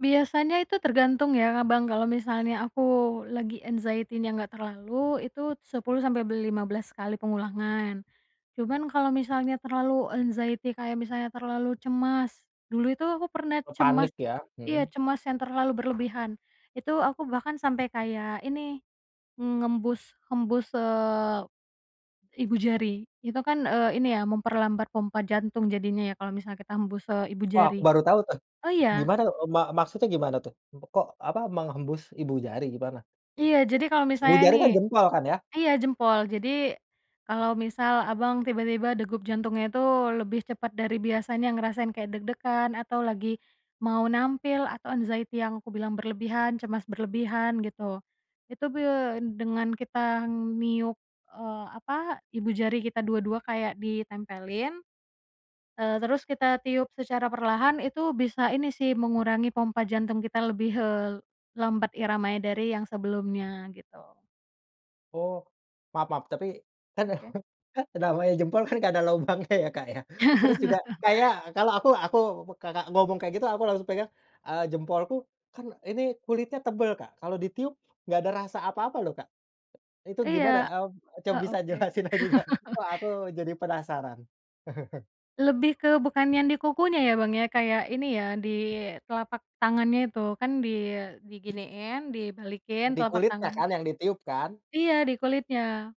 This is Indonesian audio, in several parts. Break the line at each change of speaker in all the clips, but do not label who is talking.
Biasanya itu tergantung ya, Abang kalau misalnya aku lagi anxiety-nya nggak terlalu, itu 10 sampai be lima belas kali pengulangan. Cuman kalau misalnya terlalu anxiety kayak misalnya terlalu cemas, dulu itu aku pernah
Eee, panik
cemas
ya,
iya,
mhm.
cemas yang terlalu berlebihan. Itu aku bahkan sampai kayak ini, ngembus, hembus, eee, ibu jari. Itu kan, eee, ini ya memperlambat pompa jantung jadinya ya, kalau misalnya kita hembus, eee, ibu
Oh, aku
jari.
baru tahu, tuh.
Oh, iya.
Gimana, eee, ma maksudnya gimana, tuh? Kok, apa, menghembus ibu jari gimana?
Iya. Jadi kalau
Ibu
misalnya
jari
nih
kan jempol kan, ya?
iya, jempol. Jadi kalau misal Abang tiba-tiba degup jantungnya itu lebih cepat dari biasanya, ngerasain kayak deg-degan, atau lagi mau nampil, atau anxiety yang aku bilang berlebihan, cemas berlebihan gitu. Itu, be dengan kita meniup, eee, apa, ibu jari kita dua-dua kayak ditempelin, eee, terus kita tiup secara perlahan itu bisa ini sih, mengurangi pompa jantung kita lebih, eee, lambat iramanya dari yang sebelumnya, gitu.
Oh. Maaf maaf. Tapi, kan
Oke.
kan namanya jempol kan nggak ada lubangnya ya, Kak, ya. Terus juga, kayak kalau aku aku, Kakak ngomong kayak gitu, aku langsung pegang, eee, jempolku kan, ini kulitnya tebel, Kak. Kalau ditiup, enggak ada rasa apa-apa loh, Kak. Itu gimana,
Iya.
eee, ya,
E
coba bisa
oke.
jelasin lagi, Kak. Kok aku jadi penasaran.
Lebih ke bukan yang di kukunya ya, Bang, ya, kayak ini ya, di telapak tangannya itu. Kan di diginiin, dibalikin telapak
Dikulitnya
tangan.
kan, yang ditiup kan?
Iya, di kulitnya.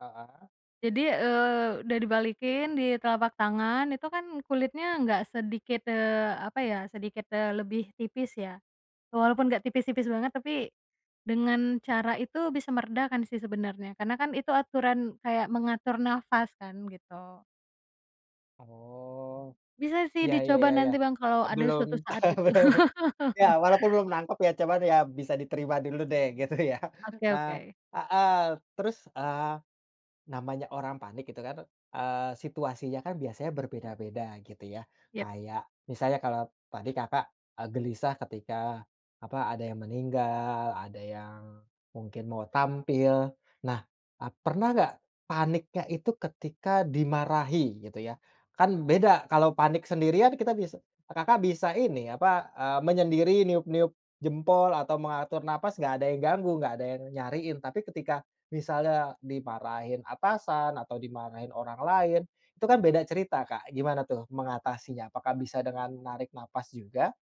Heeh.
Jadi, eee, udah dibalikin, di telapak tangan, itu kan kulitnya nggak sedikit, eee, apa ya, sedikit, eee, lebih tipis, ya. Walaupun nggak tipis-tipis banget tapi, dengan cara itu bisa meredakan sih sebenarnya. Karena kan itu aturan kayak mengatur nafas kan, gitu.
Oh.
Bisa sih
Iya iya
dicoba
iya iya.
nanti, Bang, kalau
Eee,
ada
belum
suatu saat, gitu.
belum ya, walaupun belum nangkep ya, coba deh ya, bisa diterima dulu deh, gitu ya.
Oke
Nah
oke.
heeh. Terus, eee, namanya orang panik itu kan, eee, situasinya kan biasanya berbeda-beda, gitu ya.
Iya.
Kayak, misalnya kalau tadi Kakak, eee, gelisah ketika, apa, ada yang meninggal, ada yang mungkin mau tampil. Nah, eee, pernah enggak, paniknya itu ketika dimarahi, gitu ya. Kan beda kalau panik sendirian kita bisa Kakak bisa ini, apa, eee menyendiri, niup-niup jempol atau mengatur nafas, enggak ada yang ganggu, enggak ada yang nyariin. Tapi ketika misalnya dimarahin atasan, atau dimarahin orang lain, itu kan beda cerita, Kak. Gimana tuh mengatasinya? Apakah bisa dengan narik nafas juga?